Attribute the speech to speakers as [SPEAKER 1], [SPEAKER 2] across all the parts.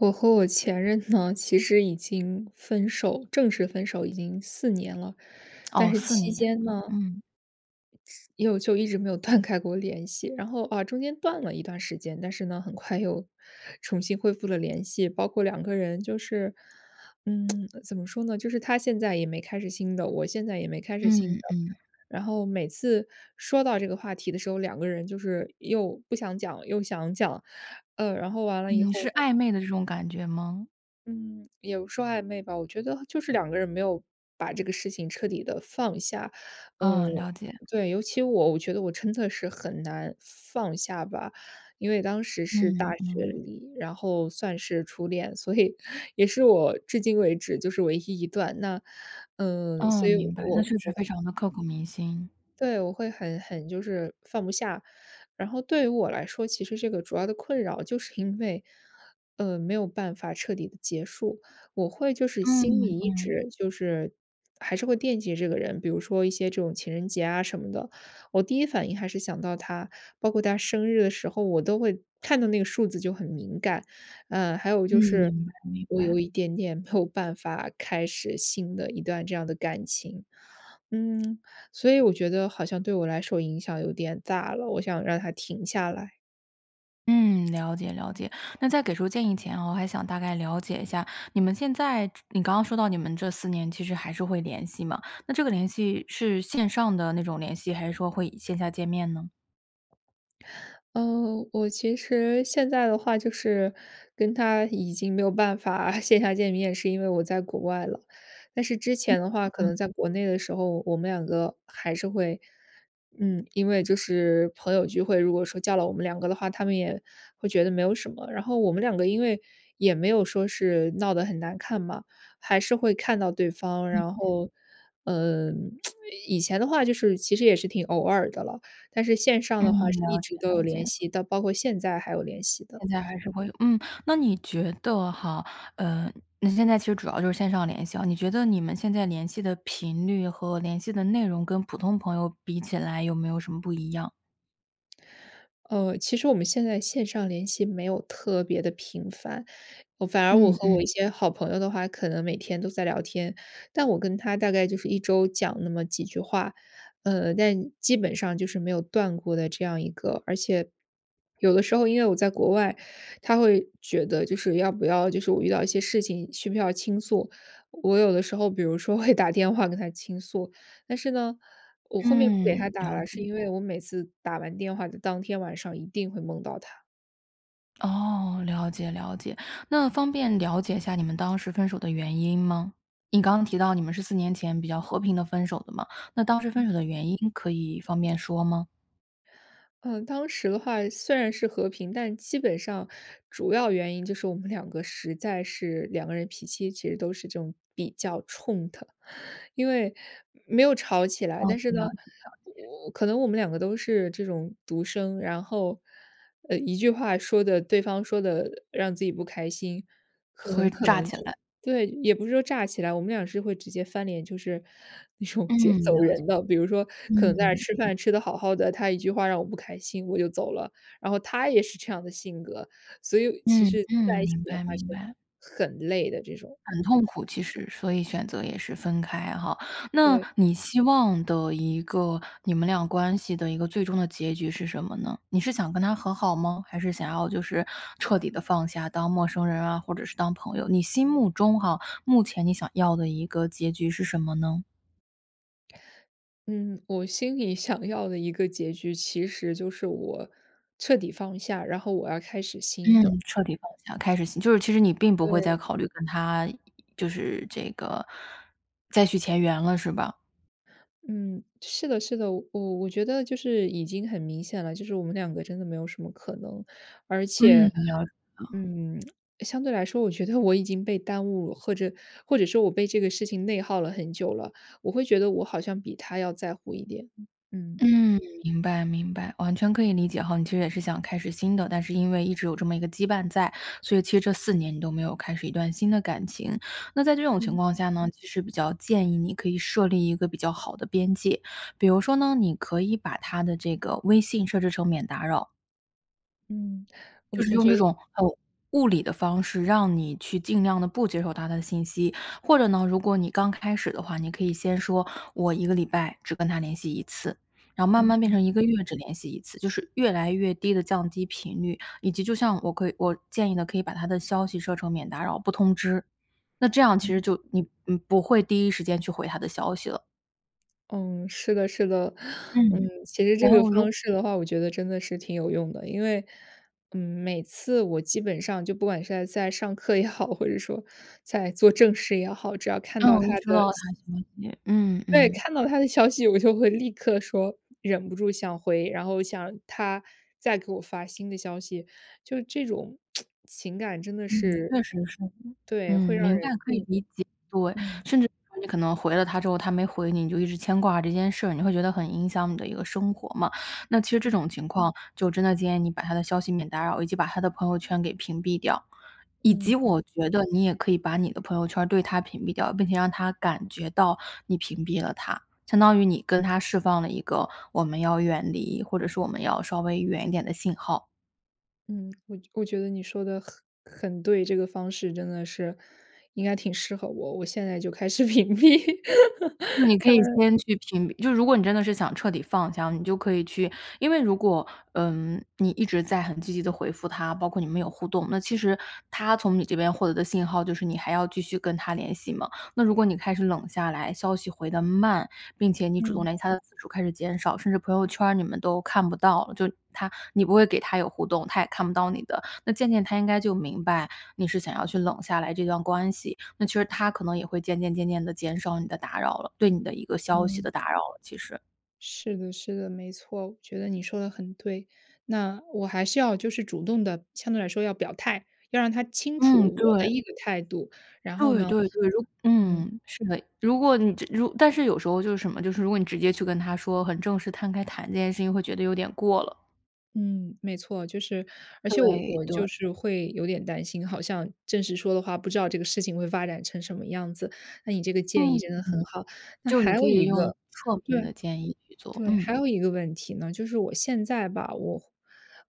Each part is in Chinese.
[SPEAKER 1] 我和我前任呢，其实已经分手正式分手已经4年了。但
[SPEAKER 2] 哦，
[SPEAKER 1] 是
[SPEAKER 2] 4
[SPEAKER 1] 期
[SPEAKER 2] 年
[SPEAKER 1] 间
[SPEAKER 2] 了，
[SPEAKER 1] 呢，
[SPEAKER 2] 嗯。
[SPEAKER 1] 又就一直没有断开过联系。然后啊，中间断了一段时间，但是呢，很快又 重新恢复了联系。包括两个人就是嗯，怎么说呢，就是他现在也没开始新的，我现在也没开始新的。
[SPEAKER 2] 嗯，嗯。
[SPEAKER 1] 然后每次说到这个话题的时候，两个人就是又不想讲，又想讲，呃，然后完了以
[SPEAKER 2] 嗯，
[SPEAKER 1] 后
[SPEAKER 2] 是
[SPEAKER 1] 呢
[SPEAKER 2] 暧昧的这种感觉么？
[SPEAKER 1] 嗯，也不说暧昧吧，我觉得就是两个人没有把这个事情彻底地放下，嗯
[SPEAKER 2] 嗯，了解。
[SPEAKER 1] 对，尤其我，我觉得我真的是很难放下吧。因为当时是大
[SPEAKER 2] 嗯，
[SPEAKER 1] 学
[SPEAKER 2] 嗯。
[SPEAKER 1] 里，然后算是初恋，所以也是我至今为止就是唯一一段。那，嗯，所
[SPEAKER 2] 嗯，
[SPEAKER 1] 以
[SPEAKER 2] 明白，那
[SPEAKER 1] 我
[SPEAKER 2] 确
[SPEAKER 1] 我
[SPEAKER 2] 实
[SPEAKER 1] 会
[SPEAKER 2] 非常地刻骨铭心。
[SPEAKER 1] 对，我会很很就是放不下。然后对于我来说，其实这个主要的困扰就是因为，呃，没有办法彻底地结束。我会就是心
[SPEAKER 2] 嗯，
[SPEAKER 1] 里一
[SPEAKER 2] 嗯。
[SPEAKER 1] 直就是还是会惦记这个人，比如说一些这种情人节啊什么的，我第一反应还是想到他，包括他生日的时候我都会看到那个数字就很敏感。呃，还有
[SPEAKER 2] 嗯，
[SPEAKER 1] 就是
[SPEAKER 2] 明白明
[SPEAKER 1] 我
[SPEAKER 2] 白。
[SPEAKER 1] 有一点点没有办法开始新的一段这样的感情。嗯，所以我觉得好像对我来说影响有点大了，我想让它停下来。
[SPEAKER 2] 嗯，了解了解。那在给出建议前哦，我还想大概了解一下，你们现在你刚刚说到你们这4年其实还是会联系嘛，那这个联系是线上的那种联系，还是说会线下见面呢？
[SPEAKER 1] 哦，我其实现在的话就是跟他已经没有办法线下见面，是因为我在国外了。但是之
[SPEAKER 2] 嗯，
[SPEAKER 1] 前的话可
[SPEAKER 2] 嗯。
[SPEAKER 1] 能在国内的时候，我们两个还是会嗯，因为就是朋友聚会，如果说叫了我们两个的话，他们也会觉得没有什么。然后我们两个因为也没有说是闹得很难看嘛，还是会看到对方，
[SPEAKER 2] 嗯
[SPEAKER 1] 然
[SPEAKER 2] 嗯。
[SPEAKER 1] 后，嗯，以前的话就是其实也是挺偶尔的了，但是线上
[SPEAKER 2] 嗯，
[SPEAKER 1] 的话是一
[SPEAKER 2] 了解
[SPEAKER 1] 直都有
[SPEAKER 2] 了
[SPEAKER 1] 联
[SPEAKER 2] 解。
[SPEAKER 1] 系，到包括现在还有联系的。
[SPEAKER 2] 现在还是会有嗯，那你觉得哈呃，那现在其实主要就是线上联系啊，你觉得你们现在联系的频率和联系的内容，跟普通朋友比起来有没有什么不一样？
[SPEAKER 1] 呃，其实我们现在线上联系没有特别地频繁，反而我
[SPEAKER 2] 嗯
[SPEAKER 1] 和我一
[SPEAKER 2] 嗯。
[SPEAKER 1] 些好朋友的话可能每天都在聊天，但我跟他大概就是一周讲那么几句话。呃，但基本上就是没有断过的这样一个而且 有的时候因为我在国外，他会觉得就是要不要就是我遇到一些事情需不需要倾诉。我有的时候比如说会打电话跟他倾诉。但是呢，我后面不给他
[SPEAKER 2] 嗯，
[SPEAKER 1] 打
[SPEAKER 2] 了
[SPEAKER 1] 了，是
[SPEAKER 2] 解。
[SPEAKER 1] 因为我每次打完电话的当天晚上一定会梦到他。
[SPEAKER 2] 哦，了解了解，那方便了解一下你们当时分手的原因吗？你刚刚提到你们是4年前比较和平地分手的嘛，那当时分手的原因可以方便说吗？
[SPEAKER 1] 嗯，当时的话虽然是和平但基本上，主要原因就是我们两个实在是两个人脾气其实都是这种比较冲的。因为没有吵起来，
[SPEAKER 2] 哦，
[SPEAKER 1] 但是
[SPEAKER 2] 了
[SPEAKER 1] 呢，
[SPEAKER 2] 解了解。
[SPEAKER 1] 我可能我们两个都是这种独生然后，呃，一句话说得对方说得让自己不开心，
[SPEAKER 2] 就会
[SPEAKER 1] 很可
[SPEAKER 2] 炸
[SPEAKER 1] 能
[SPEAKER 2] 起
[SPEAKER 1] 就
[SPEAKER 2] 来。
[SPEAKER 1] 对，也不是说炸起来，我们俩是会直接翻脸，就是那种直接
[SPEAKER 2] 嗯，
[SPEAKER 1] 走
[SPEAKER 2] 了解。
[SPEAKER 1] 人的。比如说可能
[SPEAKER 2] 嗯
[SPEAKER 1] 在那吃
[SPEAKER 2] 嗯。
[SPEAKER 1] 饭吃得好好的，他一句话让我不开心，我就走了，然后他也是这样的性格，所以其
[SPEAKER 2] 嗯
[SPEAKER 1] 实在
[SPEAKER 2] 嗯，
[SPEAKER 1] 一起
[SPEAKER 2] 明
[SPEAKER 1] 的话
[SPEAKER 2] 白
[SPEAKER 1] 是，
[SPEAKER 2] 明白。
[SPEAKER 1] 很累的这种，
[SPEAKER 2] 很
[SPEAKER 1] 嗯。
[SPEAKER 2] 痛苦其实，所以选择也是分开哈。那
[SPEAKER 1] 对。
[SPEAKER 2] 你希望的一个你们俩关系的一个最终的结局是什么呢？你是想跟他和好吗？还是想要就是彻底地放下当陌生人啊，或者是当朋友？你心目中哈，目前你想要的一个结局是什么呢？
[SPEAKER 1] 嗯，我心里想要的一个结局其实就是我彻底放下，然后我要开始新
[SPEAKER 2] 嗯，
[SPEAKER 1] 的。
[SPEAKER 2] 彻底放下，开始新就是其实你并不会再
[SPEAKER 1] 对。
[SPEAKER 2] 考虑跟他就是这个，再续前缘了是吧？
[SPEAKER 1] 嗯，是的是的，我我觉得就是已经很明显了，就是我们两个真的没有什么可能。而
[SPEAKER 2] 嗯，
[SPEAKER 1] 且，
[SPEAKER 2] 了解了。
[SPEAKER 1] 嗯，相对来说我觉得我已经被耽误或者或者说我被这个事情内耗了很久了，我会觉得我好像比他要在乎一点，嗯。
[SPEAKER 2] 嗯，明白明白，完全可以理解吼，你其实也是想开始新的，但是因为一直有这么一个羁绊在，所以其实这4年你都没有开始一段新的感情。那在这种情
[SPEAKER 1] 嗯。
[SPEAKER 2] 况下呢，其实比较建议你可以设立一个比较好的边界，比如说呢，你可以把他的这个微信设置成免打扰。
[SPEAKER 1] 嗯，我
[SPEAKER 2] 就是
[SPEAKER 1] 我
[SPEAKER 2] 用
[SPEAKER 1] 觉
[SPEAKER 2] 这
[SPEAKER 1] 得
[SPEAKER 2] 种，呃，物理的方式，让你去尽量地不接受他的信息。或者呢，如果你刚开始的话，你可以先说：“我1个礼拜只跟他联系1次。”然后慢
[SPEAKER 1] 嗯
[SPEAKER 2] 慢变
[SPEAKER 1] 嗯。
[SPEAKER 2] 成1个月只联系1次，就是越来越低地降低频率，以及就像我可以我建议呢，可以把他的消息设成免打扰不通知，那这样其实就你你不会第一时间去回他的消息了。
[SPEAKER 1] 嗯，是的是的。嗯，
[SPEAKER 2] 嗯，
[SPEAKER 1] 其实这
[SPEAKER 2] 然
[SPEAKER 1] 个
[SPEAKER 2] 后如
[SPEAKER 1] 方式的话，我觉得真的是挺有用的。因为嗯，每次我基本上就不管是在在上课也好，或者说在做正事也好，只要看到
[SPEAKER 2] 嗯，
[SPEAKER 1] 他
[SPEAKER 2] 一收
[SPEAKER 1] 的
[SPEAKER 2] 到他消息嗯
[SPEAKER 1] 对，
[SPEAKER 2] 嗯。
[SPEAKER 1] 看到他的消息，我就会立刻说忍不住想回，然后想他再给我发新的消息，就这种 情感真的
[SPEAKER 2] 嗯，
[SPEAKER 1] 是
[SPEAKER 2] 确实是。
[SPEAKER 1] 对，会
[SPEAKER 2] 嗯，
[SPEAKER 1] 让
[SPEAKER 2] 明白，
[SPEAKER 1] 人
[SPEAKER 2] 可以
[SPEAKER 1] 更
[SPEAKER 2] 理解。对，
[SPEAKER 1] 嗯。
[SPEAKER 2] 甚至有时候你可能回了他之后，他没回你，你就一直牵挂这件事儿，你会觉得很影响你的一个生活嘛。那其实这
[SPEAKER 1] 嗯。
[SPEAKER 2] 种情况，就真的建议你把他的消息免打扰，以及把他的朋友圈给屏蔽掉。以及
[SPEAKER 1] 嗯。
[SPEAKER 2] 我觉得你也可以把你的朋友圈儿对他屏蔽掉，并且让他感觉到你屏蔽了他，相当于你跟他释放了一个我们要远离或者是我们要稍微远一点的信号。
[SPEAKER 1] 嗯，我我觉得你说得很很对，这个方式真的是应该挺适合我，我现在就开始屏蔽。
[SPEAKER 2] 那你可以
[SPEAKER 1] 嗯。
[SPEAKER 2] 先去屏就如果你真的是想彻底放下，你就可以去因为如果，嗯，你一直在很积极地回复他，包括你们有互动，那其实他从你这边获得的信号就是你还要继续跟他联系嘛。那如果你开始冷下来，消息回得慢，并且你主动
[SPEAKER 1] 嗯。
[SPEAKER 2] 联系他的次数开始减少，甚至朋友圈儿你们都看不到了，就他你不会给他有互动，他也看不到你的，那渐渐他应该就明白，你是想要去冷下来这段关系，那其实他可能也会渐渐渐渐地减少你的打扰了对你的一个消息
[SPEAKER 1] 嗯。
[SPEAKER 2] 的打扰了，其实。
[SPEAKER 1] 是的是的，没错，我觉得你说的很对。那我还是要就是主动地相对来说要表态，要让他清楚
[SPEAKER 2] 嗯，
[SPEAKER 1] 我的
[SPEAKER 2] 对。
[SPEAKER 1] 一个态度，然后
[SPEAKER 2] 对
[SPEAKER 1] 呢
[SPEAKER 2] 对对，如
[SPEAKER 1] 嗯。
[SPEAKER 2] 嗯，是的，如果你直如但是有时候就是什么，就是如果你直接去跟他说很正式摊开谈这件事情，会觉得有点过了。
[SPEAKER 1] 嗯，没错。就是而且我
[SPEAKER 2] 对，
[SPEAKER 1] 我
[SPEAKER 2] 对。
[SPEAKER 1] 就是会有点担心，好像正式说的话不知道这个事情会发展成什么样子，那你这个建议
[SPEAKER 2] 嗯
[SPEAKER 1] 真的
[SPEAKER 2] 嗯，
[SPEAKER 1] 很好。那
[SPEAKER 2] 就你
[SPEAKER 1] 还
[SPEAKER 2] 可
[SPEAKER 1] 有
[SPEAKER 2] 以
[SPEAKER 1] 一
[SPEAKER 2] 用
[SPEAKER 1] 个
[SPEAKER 2] 侧
[SPEAKER 1] 对，
[SPEAKER 2] 面的建议去做，
[SPEAKER 1] 对，
[SPEAKER 2] 嗯。
[SPEAKER 1] 还有一个问题呢，就是我现在吧，我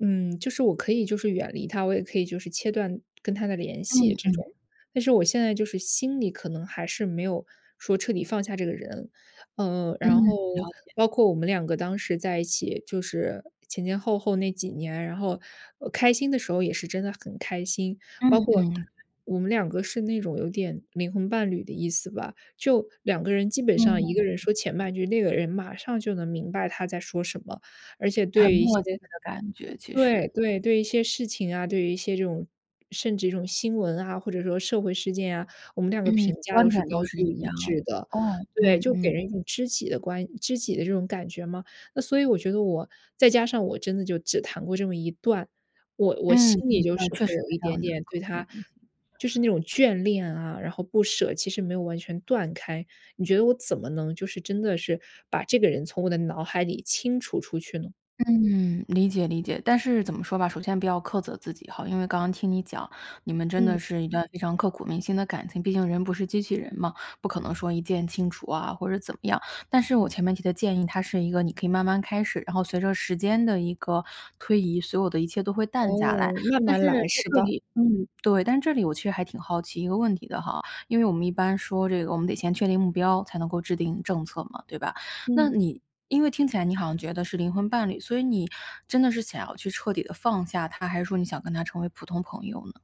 [SPEAKER 1] 嗯，就是我可以就是远离他，我也可以就是切断跟他的联系，
[SPEAKER 2] 嗯
[SPEAKER 1] 这种，
[SPEAKER 2] 嗯。
[SPEAKER 1] 但是我现在就是心里可能还是没有说彻底放下这个人。呃，
[SPEAKER 2] 嗯，
[SPEAKER 1] 然后
[SPEAKER 2] 了解。
[SPEAKER 1] 包括我们两个当时在一起，就是前前后后那几年，然后，呃，开心的时候也是真的很开心，
[SPEAKER 2] 嗯
[SPEAKER 1] 包括
[SPEAKER 2] 嗯。
[SPEAKER 1] 我们两个是那种有点灵魂伴侣的意思吧，就两个人基本上
[SPEAKER 2] 嗯。
[SPEAKER 1] 一个人说前半句，另一个人马上就能明白他在说什么，而且对
[SPEAKER 2] 很
[SPEAKER 1] 于一些
[SPEAKER 2] 默契的感觉，其
[SPEAKER 1] 对
[SPEAKER 2] 实。
[SPEAKER 1] 对，对一些事情啊，对于一些这种甚至一种新闻啊，或者说社会事件啊，我们两个
[SPEAKER 2] 嗯，
[SPEAKER 1] 评价
[SPEAKER 2] 观
[SPEAKER 1] 都是
[SPEAKER 2] 点都
[SPEAKER 1] 高
[SPEAKER 2] 是
[SPEAKER 1] 度
[SPEAKER 2] 一
[SPEAKER 1] 一
[SPEAKER 2] 样，
[SPEAKER 1] 致的。
[SPEAKER 2] 哦，
[SPEAKER 1] 对，
[SPEAKER 2] 嗯
[SPEAKER 1] 就给
[SPEAKER 2] 嗯。
[SPEAKER 1] 人一种知己的关知己的这种感觉嘛。那所以我觉得我再加上我真的就只谈过这么一段，我我
[SPEAKER 2] 嗯
[SPEAKER 1] 心里
[SPEAKER 2] 嗯，
[SPEAKER 1] 就
[SPEAKER 2] 那
[SPEAKER 1] 是
[SPEAKER 2] 确
[SPEAKER 1] 会
[SPEAKER 2] 实
[SPEAKER 1] 有一
[SPEAKER 2] 非
[SPEAKER 1] 点
[SPEAKER 2] 常地
[SPEAKER 1] 点对
[SPEAKER 2] 刻骨
[SPEAKER 1] 他
[SPEAKER 2] 铭心。
[SPEAKER 1] 就是那种眷恋啊，然后不舍，其实没有完全断开，你觉得我怎么能就是真的是把这个人从我的脑海里清除出去呢？
[SPEAKER 2] 嗯，理解理解。但是怎么说吧，首先不要苛责自己哈，因为刚刚听你讲，你们真
[SPEAKER 1] 嗯。
[SPEAKER 2] 的是一段非常刻骨铭心的感情，毕竟人不是机器人嘛，不可能说一键清除啊，或者怎么样。但是我前面提的建议，它是一个你可以慢慢开始，然后随着时间的一个推移，所有的一切都会淡下来。
[SPEAKER 1] 哦，慢
[SPEAKER 2] 但是，
[SPEAKER 1] 慢来，
[SPEAKER 2] 在
[SPEAKER 1] 是
[SPEAKER 2] 这
[SPEAKER 1] 吧？
[SPEAKER 2] 里嗯，对，但这里我确实还挺好奇一个问题的哈，因为我们一般说这个我们得先确定目标，才能够制定政策嘛，对吧？那
[SPEAKER 1] 嗯。
[SPEAKER 2] 你因为听起来你好像觉得是灵魂伴侣，所以你真的是想要去彻底地放下他，还是说你想跟他成为普通朋友呢？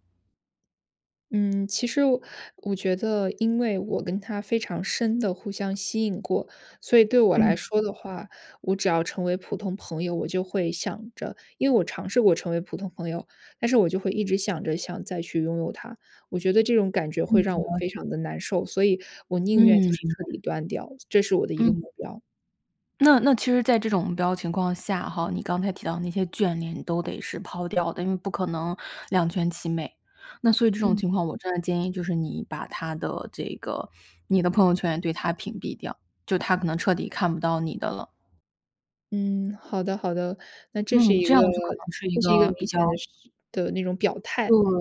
[SPEAKER 1] 嗯，其实我我觉得因为我跟他非常深地互相吸引过，所以对我来
[SPEAKER 2] 嗯。
[SPEAKER 1] 说的话，我只要成为普通朋友，我就会想着因为我尝试过成为普通朋友，但是我就会一直想着想再去拥有他。我觉得这种感觉会
[SPEAKER 2] 嗯，
[SPEAKER 1] 让我
[SPEAKER 2] 了解。
[SPEAKER 1] 非常地难受，所以我
[SPEAKER 2] 嗯，
[SPEAKER 1] 宁愿就
[SPEAKER 2] 明
[SPEAKER 1] 是彻
[SPEAKER 2] 白。
[SPEAKER 1] 底断掉，这是我的一个目
[SPEAKER 2] 嗯。
[SPEAKER 1] 标。
[SPEAKER 2] 那那其实在这种目标情况下哈，你刚才提到的那些眷恋，你都得是抛掉的，因为不可能两全其美。那所以这种
[SPEAKER 1] 嗯。
[SPEAKER 2] 情况，我真的建议就是你把他的这个你的朋友圈也对他屏蔽掉，就他可能彻底看不到你的了。
[SPEAKER 1] 嗯，好的好的。那这是
[SPEAKER 2] 嗯，
[SPEAKER 1] 一
[SPEAKER 2] 这样
[SPEAKER 1] 个
[SPEAKER 2] 就可能是一
[SPEAKER 1] 这是一个
[SPEAKER 2] 个
[SPEAKER 1] 明
[SPEAKER 2] 比
[SPEAKER 1] 显
[SPEAKER 2] 较
[SPEAKER 1] 的是的那种表态，
[SPEAKER 2] 对，
[SPEAKER 1] 嗯。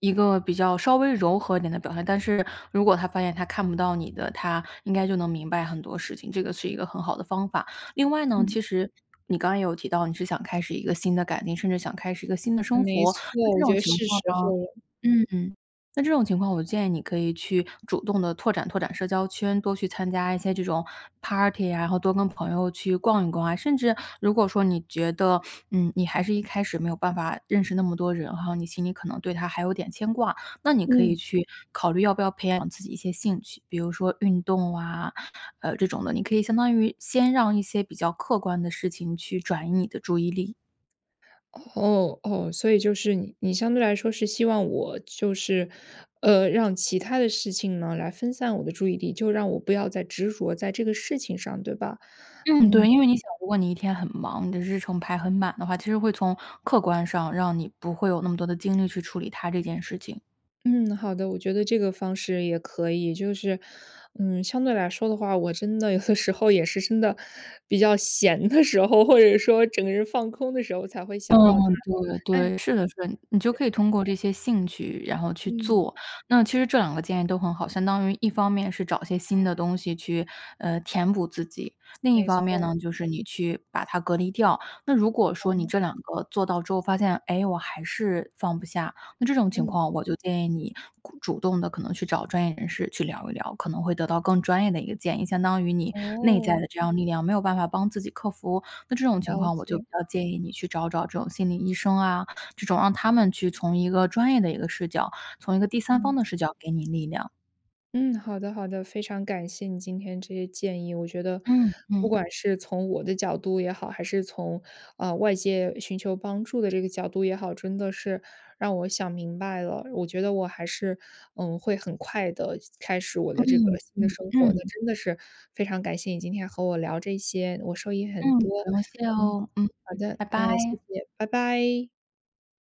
[SPEAKER 2] 一个比较稍微柔和一点的表态。但是，如果他发现他看不到你的，他应该就能明白很多事情，这个是一个很好的方法。另外呢，
[SPEAKER 1] 嗯。
[SPEAKER 2] 其实你刚刚也有提到，你是想开始一个新的改变，甚至想开始一个新的生
[SPEAKER 1] 没
[SPEAKER 2] 活，那
[SPEAKER 1] 错，
[SPEAKER 2] 这
[SPEAKER 1] 我觉
[SPEAKER 2] 种
[SPEAKER 1] 得
[SPEAKER 2] 情
[SPEAKER 1] 是
[SPEAKER 2] 况
[SPEAKER 1] 时
[SPEAKER 2] 呢
[SPEAKER 1] 候了。
[SPEAKER 2] 嗯嗯，那这种情况，我建议你可以去主动地拓展拓展社交圈，多去参加一些这种 Party 啊，然后多跟朋友去逛一逛啊。甚至，如果说你觉得，嗯，你还是一开始没有办法认识那么多人哈，你心里可能对他还有点牵挂，那你可以
[SPEAKER 1] 嗯。
[SPEAKER 2] 去考虑要不要培养自己一些兴趣，比如说运动啊，呃，这种的，你可以相当于先让一些比较客观的事情去转移你的注意力。
[SPEAKER 1] 哦哦，所以就是你你相对来说是希望我，就是，呃，让其他的事情呢，来分散我的注意力，就让我不要再执着在这个事情上，对吧？
[SPEAKER 2] 嗯，对，
[SPEAKER 1] 嗯。
[SPEAKER 2] 因为你想如果你一天很忙，你的日程排很满的话，其实会从客观上，让你不会有那么多的精力去处理他这件事情。
[SPEAKER 1] 嗯，好的，我觉得这个方式也可以。就是，嗯，相对来说的话，我真的有的时候也是真的比较闲的时候，或者说整个人放空的时候才会
[SPEAKER 2] 嗯，
[SPEAKER 1] 想到他，
[SPEAKER 2] 对
[SPEAKER 1] 哎。
[SPEAKER 2] 对，是的是的，你就可以通过这些兴趣，然后去
[SPEAKER 1] 嗯。
[SPEAKER 2] 做。那其实这两个建议都很好，相当于一方面是找一些新的东西去，呃，填补自己，另一
[SPEAKER 1] 没
[SPEAKER 2] 方面
[SPEAKER 1] 错。
[SPEAKER 2] 呢就是你去把它隔离掉。那如果说你
[SPEAKER 1] 哦。
[SPEAKER 2] 这两个做到之后发现，诶，我还是放不下，那这种情
[SPEAKER 1] 嗯。
[SPEAKER 2] 况我就建议你咕主动地可能去找专业人士去聊一聊，可能会得到更专业的一个建议，相当于你内在
[SPEAKER 1] 哦。
[SPEAKER 2] 的这样力量，没有办法帮自己克服，那这种情
[SPEAKER 1] 了
[SPEAKER 2] 况，我就
[SPEAKER 1] 解。
[SPEAKER 2] 比较建议你去找找这种心理医生啊这种，让他们去从一个专业的一个视角，从一个第三方
[SPEAKER 1] 嗯。
[SPEAKER 2] 的视角给你力量。
[SPEAKER 1] 嗯，好的好的。非常感谢你今天这些建议，我觉得，
[SPEAKER 2] 嗯
[SPEAKER 1] 不
[SPEAKER 2] 嗯。
[SPEAKER 1] 管是从我的角度也好，还是从，啊，外界寻求帮助的这个角度也好，真的是让我想明白了。我觉得我还是，嗯，会很快地开始我的这个
[SPEAKER 2] 嗯，
[SPEAKER 1] 新的
[SPEAKER 2] 嗯
[SPEAKER 1] 生活的。
[SPEAKER 2] 嗯。
[SPEAKER 1] 真的是非常感谢你今天和我聊这些，我受益很
[SPEAKER 2] 嗯，
[SPEAKER 1] 多。
[SPEAKER 2] 不用谢
[SPEAKER 1] 嗯，
[SPEAKER 2] 哦，嗯
[SPEAKER 1] 好
[SPEAKER 2] 嗯，
[SPEAKER 1] 的，
[SPEAKER 2] 拜
[SPEAKER 1] 那也谢
[SPEAKER 2] 拜。
[SPEAKER 1] 谢，拜拜。